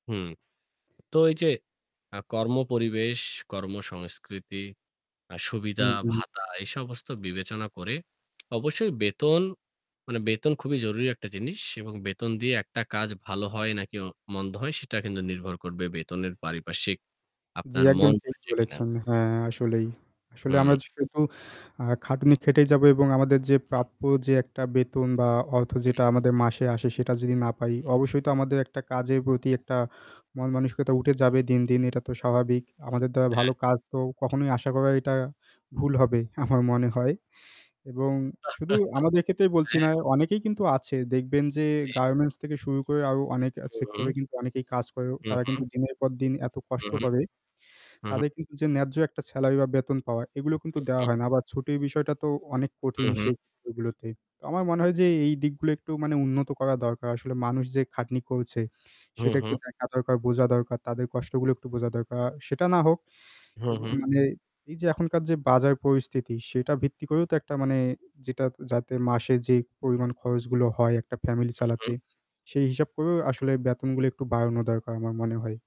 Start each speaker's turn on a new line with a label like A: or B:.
A: হুম তো এই যে আ কর্মপরিবেশ, কর্মসংস্কৃতি, আ সুবিধা,
B: হুম, হুম।
A: ভাতা এই সমস্ত বিবেচনা করে অবশ্যই বেতন মানে বেতন খুবই জরুরি একটা জিনিস এবং বেতন দিয়ে একটা কাজ ভালো হয় নাকি অ মন্দ হয় সেটা কিন্তু নির্ভর করবে
B: জি।
A: বেতনের পারিপার্শ্বিক
B: জি,
A: আপনার
B: একদম
A: মন
B: ঠিক
A: বসছে কিনা।
B: বলেছেন, হ্যাঁ আসলেই আসলে
A: হুম।
B: আমরা শুধু আ খাটুনি খেটেই যাবো এবং আমাদের যে প্রাপ্য যে একটা বেতন বা অর্থ যেটা আমাদের মাসে আসে সেটা যদি না পাই অবশ্যই তো আমাদের একটা কাজের প্রতি একটা মনমানসিকতা উঠে যাবে দিন, দিন এটা তো স্বাভাবিক। আমাদের দ্বারা
A: হ্যাঁ।
B: ভালো কাজ তো কখনোই আশা করা এটা ভুল হবে আমার মনে হয় এবং শুধু আমাদের ক্ষেত্রে বলছি না,
A: হ্যাঁ।
B: অনেকেই কিন্তু আছে দেখবেন যে
A: জি।
B: গার্মেন্টস থেকে শুরু করে আরও অনেক আ
A: হুম।
B: সেক্টরে কিন্তু অনেকেই কাজ করে
A: হু,
B: তারা
A: হু।
B: কিন্তু দিনের পর দিন এত
A: হু,
B: কষ্ট
A: হু।
B: করে,
A: হু, হু।
B: তাদের কিন্তু যে ন্যায্য একটা স্যালারি বা বেতন পাওয়া এগুলো কিন্তু দেওয়া
A: উহু।
B: হয় না আবার ছুটির বিষয়টা তো অনেক
A: হুম,
B: কঠিন
A: হুম।
B: সেই ক্ষেত্র গুলোতে তো আমার মনে হয় যে এই দিকগুলো একটু মানে উন্নত করা দরকার আসলে মানুষ যে খাটনি করছে,
A: হুম,
B: সেটা একটু
A: হুম।
B: দেখা দরকার বোঝা দরকার তাদের কষ্টগুলো একটু বোঝা দরকার সেটা না হোক।
A: হুম,
B: এবং
A: হুম।
B: মানে এই যে এখনকার যে বাজার পরিস্থিতি সেটা ভিত্তি করেও তো একটা মানে যেটা যাতে মাসে যেই পরিমাণ খরচগুলো হয় একটা ফ্যামিলি
A: হু, হু।
B: চালাতে সেই হিসাব করেও আসলে বেতনগুলো একটু বাড়ানো দরকার আমার মনে হয়।